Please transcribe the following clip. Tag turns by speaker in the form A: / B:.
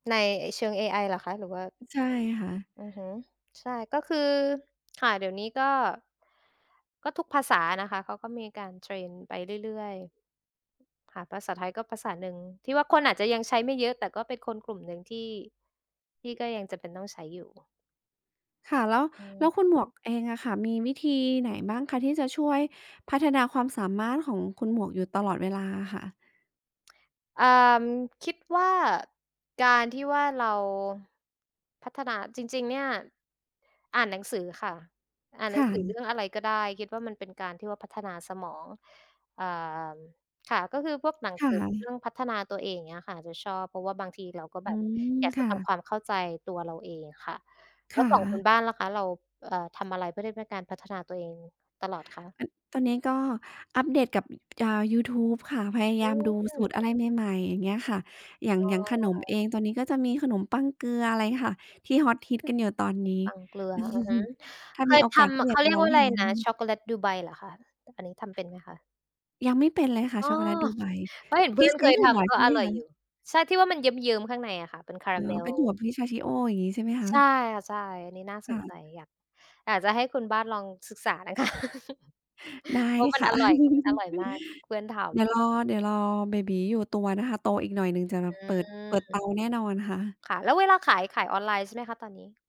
A: ในไอ เชิงเอไอเหรอคะ? หรือว่า
B: ใช่ค่ะ
A: อือฮึ ใช่ ก็คือ ค่ะ เดี๋ยวนี้ก็ ก็ทุกภาษานะคะ เขาก็มีการเทรนไปเรื่อย ๆ ค่ะ ภาษาไทยก็ภาษาหนึ่งที่ว่าคนอาจจะยังใช้ไม่เยอะ แต่ก็เป็นคนกลุ่มหนึ่งที่ ที่ก็ยังจำเป็นต้องใช้อยู่
B: ค่ะ แล้ว
A: อื
B: แล้ว
A: ม
B: คุณหมวก เองอะค่ะมีวิธีไหนบ้างคะที่จะช่วยพัฒนาความสามารถของคุณหมวกอยู่ตลอดเวลาอะค่ะ?
A: อ่า คิดว่าการที่ว่าเรา พัฒนา จริง ๆ เนี่ยอ่านหนังสือค่ะ อ่าน
B: ค
A: หนั
B: ่
A: งสือเร
B: ะ
A: ื่องอะไรก็ได้ คิดว่ามันเป็นการที่ว่าพัฒนาสมอง อ่า ค่ะ ก็คือพวกหนัง
B: ค่
A: สือเรื่อ
B: ะ
A: งพัฒนาตัวเอง อย่างเงี้ยค่ะ จะชอบ เพราะว่าบางทีเราก็แ
B: อ
A: บ
B: ื
A: บ
B: ม
A: อยาก
B: ค
A: จะ
B: ่
A: ท
B: ะ
A: ำความเข้าใจตัวเราเองค่ะ
B: ค
A: แล้
B: ่
A: วของคุณ
B: ะ
A: บ้านล่ะคะ เรา เอ่อ ทำอะไรเพื่อที่เป็นการพัฒนาตัวเองตลอดคะ?
B: อัน ตอนนี้ก็อัปเดตกับ อ่า ยูทูบค่ะ พยาย
A: อ
B: า
A: ื
B: มดูส
A: อ
B: ูตรอะไรใหม่ ๆ อย่างเงี้ยค่ะ อย่าง
A: อ๋
B: อย่างขนมเ
A: อ
B: อง ตอนนี้ก็จะมีขนมปังเกลืออะไรค่ะ ที่ฮอตฮิตกันอยู่ตอนนี้
A: ปังเกลือ อือฮึ
B: ถ้า
A: เค
B: มี
A: ย
B: โอ
A: ท
B: กาสก็
A: ำ
B: อย
A: เข
B: าก
A: า
B: จ
A: เร
B: ะ
A: ีย
B: ล
A: ก
B: อ
A: ว่
B: ง
A: า อะ
B: ท
A: ไรนะ ช
B: ำ
A: ็อกโกแลตดูไบเหรอคะ อันนี้ทำเป็นไหมคะ?
B: ยังไม่เป็นเลยค่
A: อ
B: ะ
A: ้อ
B: ช็อคโกแลตดูไบ
A: เพราะเห็น เพ
B: ท
A: ื
B: ี
A: ่
B: ่
A: อน
B: ใช
A: เค
B: ้
A: ย
B: ถั
A: ท
B: ่ว
A: ำ ก็
B: ใช่ไ
A: อ
B: หม
A: ร่อย
B: คะ?
A: อยู่ ใช่ ที่ว่ามันเยิ้ม ๆ ข้างในอะค่ะ เป็นคาร
B: อ
A: า
B: ๋อ
A: เม
B: เ
A: ล
B: ป็นถั่ว pistachio อย่างงี้ใช่ไหมค
A: ใ
B: ะ?
A: ช่ค่ะ ใช่ อันนี้น่า
B: ค
A: ส
B: ่
A: นใจ
B: ะ
A: อยาก อาจจะให้คุณบ้านลองศึกษานะ คะ
B: ได้
A: เพราะมัน
B: ค่ะ
A: อร่อย แบบอร่อยมาก เพื่อนทำ
B: เดี๋ยวรอ เดี๋ยวรอเบบีอยู่ตัวนะคะ โตอีกหน่อยหนึ่งจะ
A: อ
B: เปิด
A: ื
B: เปิดเต
A: ม
B: าแน่นอนค่ะ
A: ค่ะ แล้วเวลาขาย ขายออนไลน์ใช่ไหมคะตอนนี้?